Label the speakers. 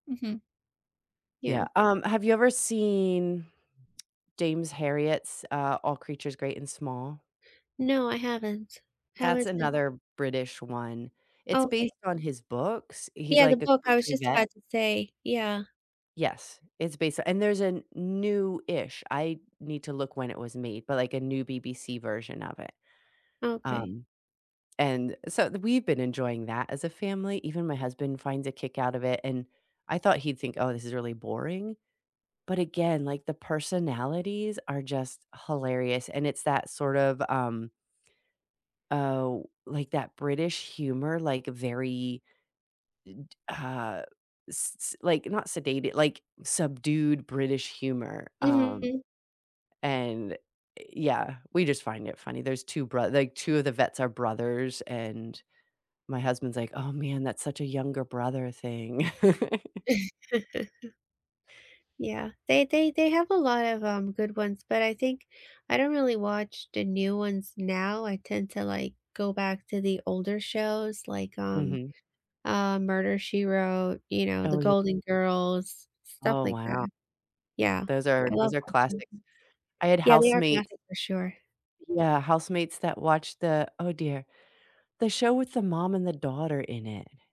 Speaker 1: Mhm. Yeah.
Speaker 2: Yeah, um, have you ever seen James Harriet's, uh, All Creatures Great and Small?
Speaker 1: No, I haven't. How
Speaker 2: That's
Speaker 1: is it?
Speaker 2: another British one, it's
Speaker 1: Okay.
Speaker 2: based on his books, he's,
Speaker 1: Yeah, the
Speaker 2: like, a
Speaker 1: book, I was
Speaker 2: country
Speaker 1: just
Speaker 2: vet.
Speaker 1: about to say, yeah.
Speaker 2: Yes, it's based and there's a newish I need to look when it was made, but, like, a new BBC version of it.
Speaker 1: Okay.
Speaker 2: Um, and so we've been enjoying that as a family, even my husband finds a kick out of it, and I thought he'd think, "Oh, this is really boring." but again, like, the personalities are just hilarious, and it's that, sort of, um oh, like that British humor, like very, i d uh, s s like, not sedated like, subdued British humor, um,
Speaker 1: Mhm.
Speaker 2: and yeah, we, just, find it funny. There's 2 broth like, 2 of the vets are brothers, and my husband's like, "Oh man, that's such a younger brother thing."
Speaker 1: Yeah, they they they have a lot of, um, good ones, but I think I don't really watch the new ones now. I tend to, like, go back to the older shows like, um,
Speaker 2: Mhm.
Speaker 1: uh, Murder She Wrote, you know, The
Speaker 2: Oh ye
Speaker 1: Golden Girls, stuff
Speaker 2: Oh
Speaker 1: like
Speaker 2: wow.
Speaker 1: that. Yeah,
Speaker 2: Those are
Speaker 1: I
Speaker 2: those
Speaker 1: love
Speaker 2: are
Speaker 1: watching.
Speaker 2: classics. I had
Speaker 1: Yeah, they are
Speaker 2: housemates
Speaker 1: classic for sure.
Speaker 2: yeah, housemates that watched the oh dear, the show with the mom and the daughter in it.